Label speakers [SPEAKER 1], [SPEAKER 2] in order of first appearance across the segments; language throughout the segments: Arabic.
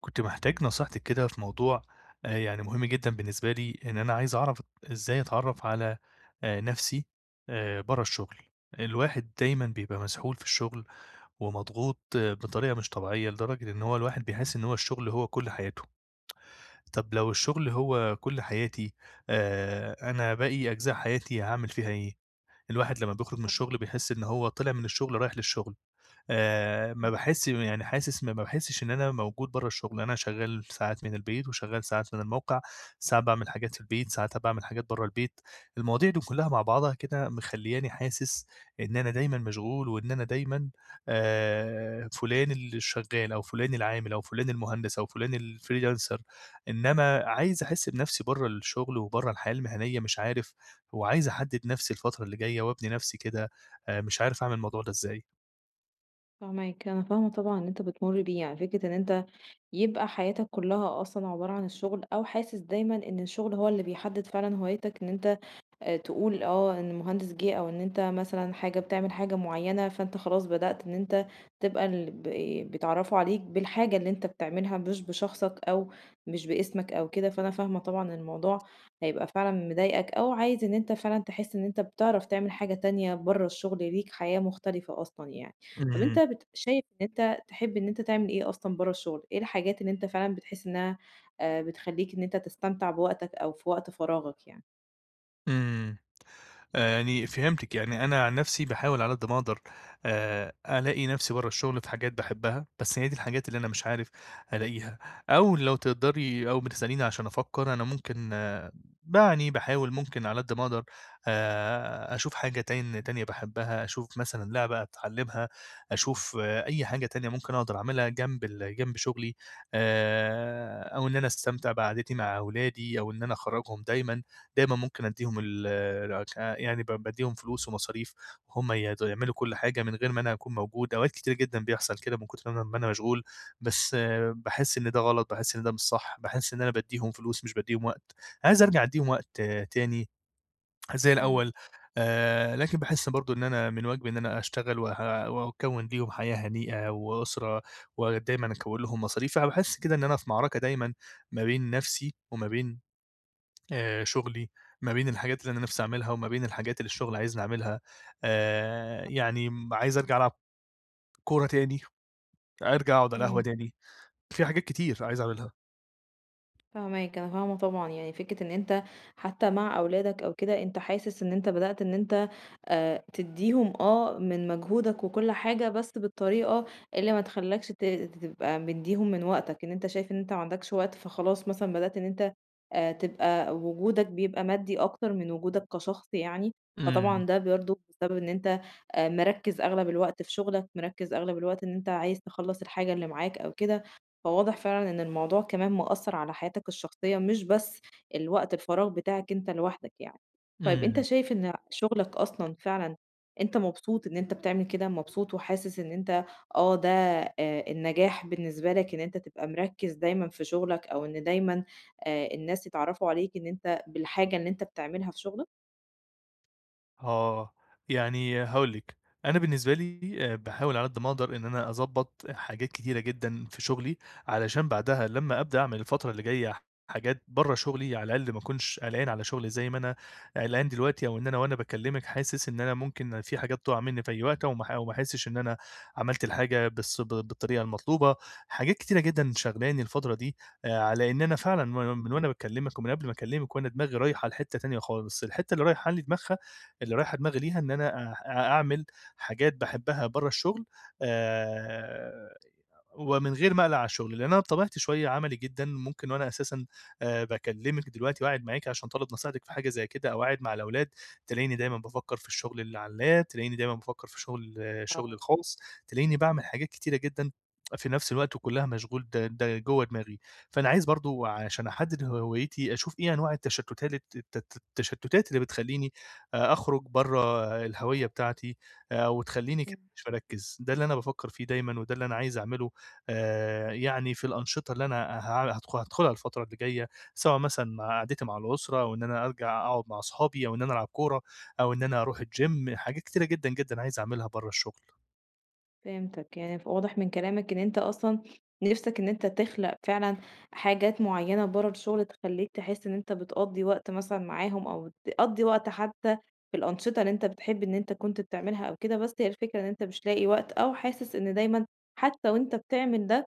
[SPEAKER 1] كنت محتاج نصيحتِك كده في موضوع آآ، يعني مهم جدًا بالنسبة لي إن أنا عايز أعرف إزاي أتعرّف على آآ، نفسي آآ، برّه الشغل، الواحد دايمًا بيبقى مسحول في الشغل ومضغوط بطريقة مش طبيعيّة، لدرجة إن هو الواحد بيحس إن هو الشغل هو كُلّ حياتُه، طَب لو الشغل هو كُلّ حياتي، آآ، أنا باقي أجزاء حياتي هاعمل فيها إيه؟ الواحد لمّا بيخرُج من الشغل بيحس إن هو طلع من الشغل رايح للشغل، آآ، ما باحس م يعني حاسس ما باحسش إن أنا موجود برّه الشغل، أنا شغال ساعات من البيت وشغال ساعات من الموقع، ساعات باعمل حاجات في البيت، ساعات أ باعمل حاجات برّه البيت، المواضيع دي كلّها مع بعضها كده مخلّياني حاسس إن أنا دايمًا مشغول وإن أنا دايمًا آآ، فُلان اللي شغال، أو فُلان العامل أو فُلان المهندس، أو فُلان الfreelancer إنّما عايز أحس بنفسي برّه الشغل وبرّه الحياة المهنيّة مش عارف، وعايز أحدّد نفسي الفترة اللي جايّة وأبني نفسي كده آآ، مش عارف أعمل الموضوع ده إزاي؟
[SPEAKER 2] فاهماك، أنا فاهمة طبعًا اللي أنت بتمُر بيه يعني فكرة إن أنت يبقى حياتك كلّها أصلًا عبارة عن الشغل، أو حاسس دايمًا إن الشغل هو اللي بيحدّد فعلًا هوايتك إن أنت آآ تقول آه إن المهندس جِه أو إن أنت مثلًا حاجة بتعمل حاجة معيّنة، فأنت خلاص بدأت إن أنت تبقى البي بيتعرّفوا عليك بالحاجة اللي أنت بتعملها، مش بشخصك أو مش بإسمك أو كده، فأنا فاهمة طبعًا الموضوع هيبقى فعلًا مضايقك، أو عايز إن أنت فعلًا تحس إن أنت بتعرف تعمل حاجة تانية برّه الشغل، ليك حياة مختلفة أصلًا يعني، طَب أنت
[SPEAKER 1] إمم.
[SPEAKER 2] بت شايف إن أنت تحب إن أنت تعمل إيه أصلًا برّه الشغل؟ إيه الحاجات اللي أنت فعلًا بتحس إنها آآ، بتخلّيك إن أنت تستمتع بوقتك أو في وقت فراغك يعني؟
[SPEAKER 1] إمم، يعني فهمتِك، يعني أنا عن نفسي باحاول على قد ما أقدر آآ، ألاقي نفسي برّه الشغل في حاجات باحبها، بس هي دي الحاجات اللي أنا مش عارف ألاقيها، أو لو تقدري أو بتسأليني عشان أفكّر أنا ممكن يعني باحاول ممكن على قد ما أقدر آآ، أشوف حاجة تان تانية باحبها أشوف مثلًا لعبة أتعلّمها، أشوف أي
[SPEAKER 2] [unintelligible]
[SPEAKER 1] حاجة تانية ممكن أقدر أعملها جنب ال جنب شغلي آآ، أو إن أنا أستمتع بقعدتي مع أولادي، أو إن أنا أخرَّجهم دايمًا، دايمًا ممكن ادّيهم ال يعني ب بادّيهم فلوس ومصاريف هم ي يعملوا كل حاجة من غير ما أنا أكون موجود، أوقات كتيرة جدًا بيحصل كده، من كتر ما أنا ما أنا مشغول، بس باحس إن ده غلط، باحس إن ده مش صح، باحس إن أنا بادّيهم فلوس مش بادّيهم وقت، عايز أرجَع أدّيهم وقت تاني زي
[SPEAKER 2] إمم.
[SPEAKER 1] الأول آآ، لكن باحس برضه إن أنا من واجبي إن أنا أشتغل و وأكوِّن ليهم حياة هنيئة، وأسرة ودايمًا أكوِّن لهم مصاريف، أنا باحس كده إن أنا في معركة دايمًا ما بين نفسي وما بين آآ، شغلي ما بين الحاجات اللي أنا نفسي أعملها، وما بين الحاجات اللي الشغل عايزني أعملها، آآ،
[SPEAKER 2] [unintelligible]
[SPEAKER 1] يعني عايز أرجَع ألعب كورة تاني، أرجَع أقعد على القهوة
[SPEAKER 2] إمم.
[SPEAKER 1] تاني، في حاجات كتير عايز أعملها.
[SPEAKER 2] فاهماك، أنا فاهمة طبعًا يعني فكرة إن أنت حتى مع أولادك أو كده أنت حاسس إن أنت بدأت إن أنت آآ، تدّيهم آه من مجهودك وكُلّ حاجة، بس بالطريقة اللي ما تخلّكش ت تبقى مدّيهم من وقتك إن أنت شايف إن أنت ما عندكش وقت فخلاص مثلًا بدأت إن أنت، آآ، تبقى وجودك بيبقى مادي أكتر من وجودك كشخص يعني،
[SPEAKER 1] إمم.
[SPEAKER 2] فطبعًا ده برضه بسبب إن أنت مركِّز أغلب الوقت في شغلك، مركِّز أغلب الوقت إن أنت عايز تخلَّص الحاجة اللي معاك أو كده، فواضح فعلًا إن الموضوع كمان مأثّر على حياتك الشخصية، مش بس الوقت الفراغ بتاعك أنت لوحدك يعني. طيب أنت
[SPEAKER 1] إمم.
[SPEAKER 2] شايف إن شغلك أصلًا فعلًا أنت مبسوط إن أنت بتعمل كده؟ مبسوط وحاسس إن أنت آه، ده النجاح بالنسبة لك إن أنت تبقى مركِّز دايمًا في شغلك، أو إن دايمًا آآ، الناس يتعرَّفوا عليك إن أنت بالحاجة اللي أنت بتعملها في شغلك؟
[SPEAKER 1] آه، يعني هاقول لِك، أنا بالنسبة لي آآ باحاول على قد ما أقدر إن أنا أضبط حاجات كتيرة جدًا في شغلي؛ علشان بعدها لما أبدأ أعمل الفترة اللي جاية حاجات برا شغلي، على الأقل ما اكونش قلقان على شغلي زي ما أنا قلقان دلوقتي، أو إن أنا وأنا باكلمِك حاسس إن أنا ممكن فيه حاجات تقع مني في أي وقت، أو ما أو ما احسش إن أنا عملت الحاجة بالس ب بالطريقة المطلوبة، حاجات كتيرة جدًا شاغلاني الفترة دي آآ ع لإن أنا فعلًا من من وأنا باكلمِك، ومن قبل ما أكلمِك وأنا دماغي رايحة لحتة تانية خالص، الحتة اللي رايحة لي دماغها اللي رايحة دماغي ليها إن أنا آآ، أ أعمل حاجات باحبها برا الشغل، آآ ومن غير ما اقلق على الشغل؛ لأن أنا بطبيعتي شوية عملي جدًا ممكن، وأنا أساسًا، آآ، باكلمِك دلوقتي وقاعد معاكِ عشان طالب نصيحتِك في حاجة زي كده، أو قاعد مع الأولاد تلاقيني دايمًا بافكر في الشغل اللي على اللاب تلاقيني دايمًا بافكر في شغل شغلي
[SPEAKER 2] آه.
[SPEAKER 1] الخاص، تلاقيني باعمل حاجات كتيرة جدًا في نفس الوقت، وكلها مشغول د د جوا دماغي، فأنا عايز برضو عشان أحدد هويتي أشوف ايه أنواع التشتات الت الت التشتتات اللي بتخلّيني آآ أخرج برا الهوية بتاعتي، آآ وتخلّيني كده مش مركِّز، ده اللي أنا بافكر فيه دايمًا، وده اللي أنا عايز أعمله، آآ يعني في الأنشطة اللي أنا ه هاد هادخُلها الفترة اللي جاية، سواء مثلًا مع قعدتي مع الأسرة أو إن أنا أرجع أقعد مع أصحابي، أو إن أنا ألعب كورة أو إن أنا أروح الGym حاجات كتيرة جدًا، جدًا عايز أعملها برا الشغل.
[SPEAKER 2] فهمتك يعني ف واضح من كلامك إن أنت أصلًا نِفسك إن أنت تخلق فعلًا حاجات معينة برّا الشغل، تخلّيك تحس إن أنت بتقضّي وقت مثلًا معاهم أو بتقضّي وقت حتى في الأنشطة اللي أنت بتحب إن أنت كنت بتعملها أو كده، بس هي الفكرة إن أنت مش لاقي وقت أو حاسس إن دايمًا حتى وأنت بتعمل ده،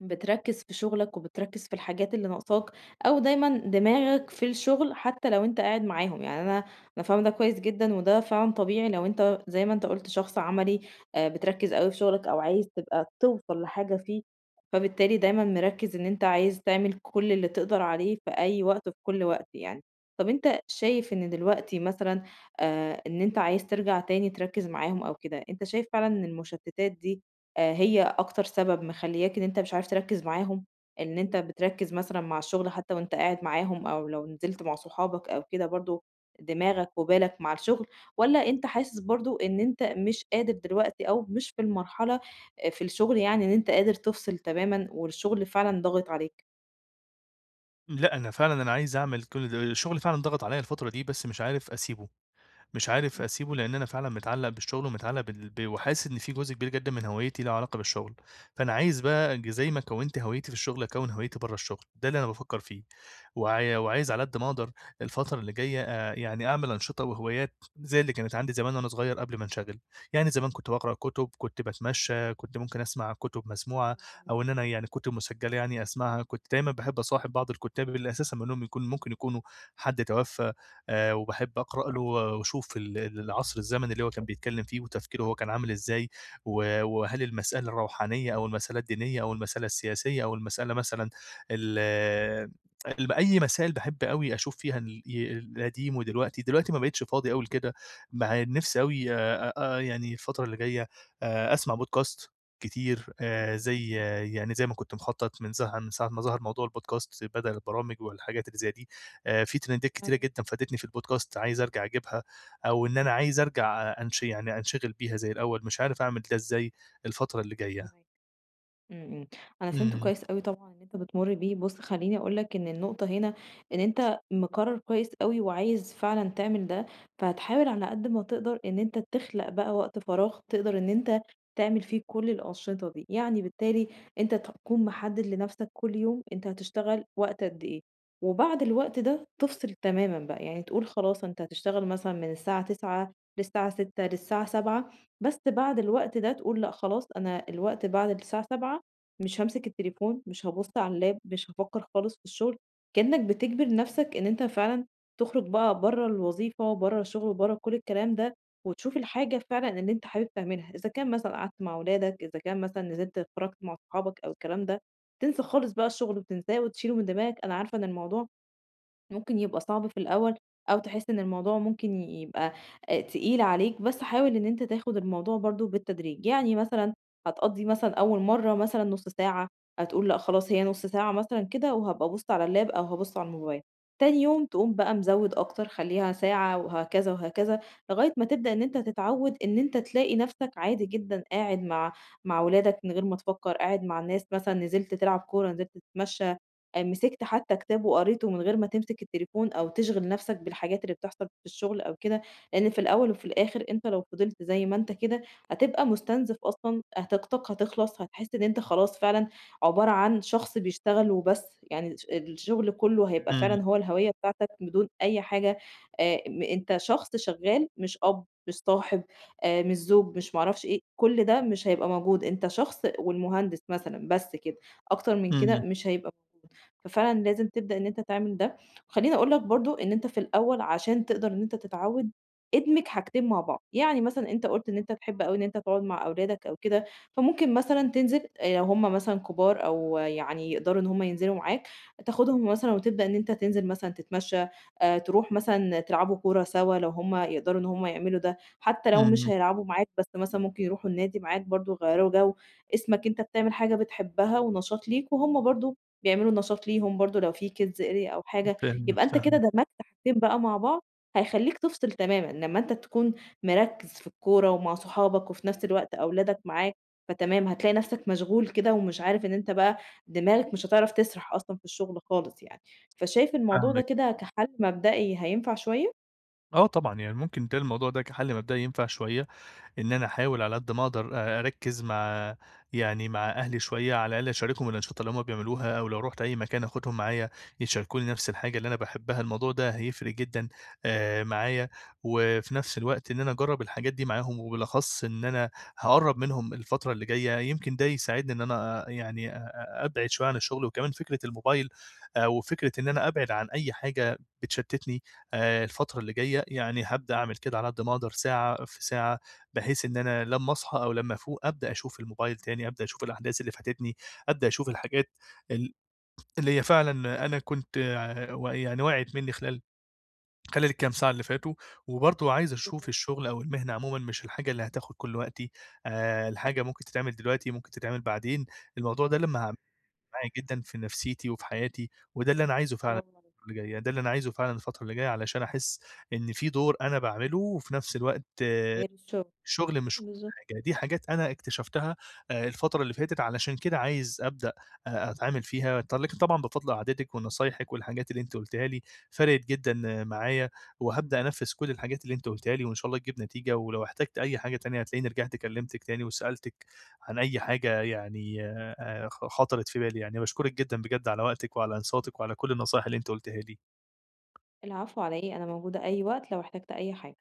[SPEAKER 2] بتركّز في شغلك وبتركّز في الحاجات اللي نقصاك أو دايمًا دماغك في الشغل، حتى لو أنت قاعد معاهم، يعني أنا أنا فاهمة ده كويس جدًا وده فعلًا طبيعي لو أنت زي ما أنت قُلت شخص عملي، آآ، بتركّز أوي في شغلك أو عايز تبقى توصَل لحاجة فيه، فبالتالي دايمًا مركّز إن أنت عايز تعمل كل اللي تقدر عليه في أي وقت وفي كل وقت يعني. طب أنت شايف إن دلوقتي مثلًا آآ، إن أنت عايز ترجَع تاني تركّز معاهم أو كده، أنت شايف فعلًا إن المُشتتات دي آآ، هي أكتر سبب مخلّياك إن أنت مش عارف تركّز معاهم؟ إن أنت بتركّز مثلًا مع الشغل، حتى وأنت قاعد معاهم أو لو نزلت مع صحابك أو كده برضه دماغك وبالك مع الشغل، والّا أنت حاسس برضه إن أنت مش قادر دلوقتي أو مش في المرحلة، آآ في الشغل يعني إن أنت قادر تفصِل تمامًا والشغل فعلًا ضاغط عليك؟
[SPEAKER 1] لأ، أنا فعلًا أنا عايِز أعمل كل ده الشغل فعلًا ضاغط عليّا الفترة دي، بس مش عارِف أسيبه، مش عارِف
[SPEAKER 2] إمم.
[SPEAKER 1] أسيبه، لإن أنا فعلًا متعلّق بالشغل، ومتعلّق بال ب وحاسس إن في جزء كبير جدًا من هويَّتي له علاقة بالشغل. فأنا عايِز بقى، ج زي ما كوَّنت هويَّتي في الشغل، أكوِّن هويَّتي برَّا الشغل. ده اللي أنا بافكِّر فيه، وع وعايِز
[SPEAKER 2] أيوه.
[SPEAKER 1] على قد ما أقدر، الفترة اللي جاية، آآ، يعني أعمل أنشطة وهوايات، زي اللي كانت عندي زمان وأنا صغير قبل ما انشغَل. يعني زمان كنت باقرأ كُتُب، كنت باتمشَّى، كنت ممكن أسمَع كُتُب مسموعة،
[SPEAKER 2] حلو أوي.
[SPEAKER 1] أو إن أنا يعني كُتُب مسجَّلة يعني أسمَعها. كنت دايمًا باحب أصاحِب بعض الكُتَّاب، اللي أساسًا منهُم يكون ممكن يكونوا حد توفَّى، آآ، وباحب أقرَأ له و وأشوف ال ال العصر الزمني اللي هو كان بيتكلَّم فيه، وتفكيره هو كان عامل إزاي، و وهل المسألة الروحانية أو المسألة الدينية أو المسألة السياسية أو المسألة مثلًا ال الب أي مسائل، باحب أوي أشوف فيها ال ي القديم ودلوقتي. دلوقتي ما بقِيتِش فاضي أوي لكده، مع إن نِفسي أوي آآ آآ، يعني الفترة اللي جاية، آآ، أسمَع podcast كتير، آآ،
[SPEAKER 2] إمم.
[SPEAKER 1] زي يعني زي ما كنت مخطط، من ظه من ساعة ما ظهَر موضوع الpodcasts بدل البرامِج والحاجات اللي زي دي. آآ، في تريندات كتيرة
[SPEAKER 2] [unintelligible]
[SPEAKER 1] جدًا فادِتني في الpodcast، عايِز أرجع أجيبها، أو إن أنا عايِز
[SPEAKER 2] امم.
[SPEAKER 1] أرجع أ أنش يعني أنشغِل بيها زي الأوَّل، مش عارِف أعمل ده إزاي الفترة اللي جاية.
[SPEAKER 2] فاهماك، إمم إمم، أنا فهِمت
[SPEAKER 1] إمم.
[SPEAKER 2] كويِس أوي طبعًا اللي أنتَ بتمُر بيه. بُص خلِّيني أقول لك إن النقطة هنا، إن أنتَ مقرّر كويِس أوي وعايِز فعلًا تعمل ده، فهتحاول على قد ما تقدَر إن أنتَ تخلق بقى وقت فراغ تقدَر إن أنتَ تعمل فيه كل الأنشطة دي. يعني بالتالي أنتَ تكون محدّد لنفسَك كل يوم، أنتَ هتشتغَل وقت قد إيه، وبعد الوقت ده تفصل تمامًا بقى. يعني تقول خلاص، أنتَ هتشتغَل مثلًا من الساعة 09:00 للساعة 18:00 للساعة 19:00، بس بعد الوقت ده تقول: "لأ، خلاص أنا الوقت بعد الساعة 19:00 مش هامسِك التليفون، مش هابُصّ على اللاب، مش هافكر خالص في الشغل." كأنَّك بتجبَر نفسَك إن أنتَ فعلًا تخرج بقى برَّا الوظيفة، برَّا الشغل، برَّا كل الكلام ده، وتشوف الحاجة فعلًا اللي أنتَ حابِب تعملها. إذا كان مثلًا قعدت مع ولادك، إذا كان مثلًا نزلت اتفرَّجت مع أصحابك أو الكلام ده، تنسى خالص بقى الشغل، تنساه وتشيله من دماغك. أنا عارفة إن الموضوع ممكن يبقى صعب في الأوَّل، أو تحس إن الموضوع ممكن ي يبقى آآ، تقيل عليك، بس حاول إن أنتَ تاخُد الموضوع برضه بالتدريج. يعني مثلًا هتقضِّي مثلًا أوَّل مرَّة مثلًا نُص ساعة، هتقول لأ خلاص هي نُص ساعة مثلًا كده وهابقى أبُصّ على اللاب، أو هابُصّ على الموبايل. تاني يوم تقوم بقى مزوِّد أكتر، خلِّيها ساعة وهكذا وهكذا، لغاية ما تبدأ إن أنتَ تتعوَّد، إن أنتَ تلاقي نفسَك عادي جدًا قاعد مع مع ولادك من غير ما تفكر، قاعد مع الناس مثلًا، نزلت تلعب كورة، نزلت تتمشَّى، آآ، مسَكت حتى كتاب وقريته من غير ما تمسك التليفون أو تشغَل نفسَك بالحاجات اللي بتحصل في الشغل أو كده. لإن في الأوَّل وفي الآخِر، أنتَ لو فِضِلت زي ما أنتَ كده، هتبقى مُستنزَف أصلًا، هت طاقتَك هتخلَص، هتحس إن أنتَ خلاص فعلًا عبارة عن شخص بيشتغَل وبس. يعني الش الشغل كلُّه هيبقى
[SPEAKER 1] إمم.
[SPEAKER 2] فعلًا هو الهويَّة بتاعتَك بدون أي حاجة، آمم، أنتَ شخص شغَّال مش أب، مش صاحب، آآ مش زوج، مش ما أعرفش إيه. كل ده مش هيبقى موجود، أنتَ شخص والمهندس مثلًا بس كده، أكتر من
[SPEAKER 1] إمم.
[SPEAKER 2] كده مش هيبقى موجود. ففعلًا لازِم تبدأ إن أنتَ تعمل ده. وخلِّيني أقول لك برضه إن أنتَ في الأوَّل عشان تقدَر إن أنتَ تتعوَّد، ادمج حاجتين مع بعض. يعني مثلًا أنتَ قُلت إن أنتَ بتحب أوي إن أنتَ تقعد مع أولادك أو كده، فممكن مثلًا تنزل، آآ لو هُم مثلًا كبار أو يعني يقدَروا إن هُم ينزِلوا معاك، تاخدهُم مثلًا وتبدأ إن أنتَ تنزل مثلًا تتمشَّى، آآ، ترُوح مثلًا تلعبوا كورة سوا، لو هُم يقدَروا إن هُم يعملوا ده. حتى لو مش
[SPEAKER 1] إمم.
[SPEAKER 2] هيلعبوا معاك، بس مثلًا ممكن يرُوحوا النادي معاك برضه، يغيِّروا جو. اسمك أنتَ بتعمل حاجة بتحبها ونشاط ليك، وهُم برضه بيعملوا نشاط ليهم برضه، لو في kids area أو حاجة.
[SPEAKER 1] فاهمِك،
[SPEAKER 2] يبقى أنتَ كده
[SPEAKER 1] فاهمِك.
[SPEAKER 2] دمجت حاجتين بقى مع بعض، هيخلِّيك تفصل تمامًا لمَّا أنتَ تكون مركز في الكورة ومع صُحابك، وفي نفس الوقت أولادَك معاك. فتمام، هتلاقي نفسَك مشغول كده، ومش عارِف، إن أنتَ بقى دماغك مش هتعرف تسرح أصلًا في الشغل خالص يعني. فشايِف الموضوع ده
[SPEAKER 1] فاهمِك.
[SPEAKER 2] كده كحل مبدئي هينفع شوية؟
[SPEAKER 1] آه طبعًا، يعني ممكن بيتهيأ لي الموضوع ده كحَلّ مبدأي ينفع شوية، إن أنا أحاول على قد ما أقدر أ أركِّز مع يعني مع أهلي شوية، على الأقل أشاركهم الأنشطة اللي هم بيعملوها أو لو رُحت أي مكان آخدهم معايا، يشاركوني نفس الحاجة اللي أنا باحبها، الموضوع ده هيفرِق جدًا، آآ، معايا وفي نفس الوقت إن أنا أجرّب الحاجات دي معاهم وبالأخص إن أنا هاقرَّب منهم الفترة اللي جاية، يمكن ده يساعدني إن أنا يعني آآ، أ أبعد شوية عن الشغل وكمان فكرة الموبايل وفكرة إن أنا أبعد عن أي حاجة بتشتّتني آآ، الفترة اللي جاية، يعني هابدأ أعمل كده على قد ما أقدر ساعة في ساعة بحيث إن أنا لمّا أصحى، أو لمّا أفوق أبدأ أشوف الموبايل تاني، أبدأ أشوف الأحداث اللي فاتتني، أبدأ أشوف الحاجات ال اللي هي فعلًا أنا كنت و يعني وقعت مني خلال خلال الكام ساعة اللي فاتوا، وبرضه عايز أشوف
[SPEAKER 2] بالضبط.
[SPEAKER 1] الشغل أو المهنة عمومًا مش الحاجة اللي هتاخد كل وقتي، آآ، الحاجة ممكن تتعمل دلوقتي، ممكن تتعمل بعدين، الموضوع ده لمّا هاعملُه [unintelligible] معايا جدًا في نفسيتي وفي حياتي وده اللي أنا عايزُه فعلًا
[SPEAKER 2] برافو عليك.
[SPEAKER 1] [unintelligible] اللي جاية ده اللي أنا عايزُه فعلًا الفترة اللي جاية، علشان أحس إن في دور أنا باعمله وفي نفس الوقت
[SPEAKER 2] غير الشغل،
[SPEAKER 1] شغلي مش كُلّ
[SPEAKER 2] بالضبط.
[SPEAKER 1] حاجة. دي حاجات أنا اكتشفتها آآ، الفترة اللي فاتت علشان كده عايز أبدأ أ أتعامل فيها ط لكن طبعًا بفضل قعدتِك ونصايحِك والحاجات اللي أنتِ قُلتيها لي، فرَقِت جدًا معايا وهابدأ أنفِّذ كل الحاجات اللي أنت قُلتيها لي، وإن شاء الله تجيب نتيجة، ولو احتجت أي حاجة تانية هتلاقيني رِجِعت كلِّمتِك تاني وسألتِك عن أي حاجة يعني آآ، خ خطرت في بالي يعني، باشكرِك جدًا بجد على وقتِك وعلى إنصاتِك، وعلى كل النصايح اللي أنتِ قُلتيها لي.
[SPEAKER 2] العفو على إيه؟ أنا موجودة أي وقت لو احتجت أي حاجة.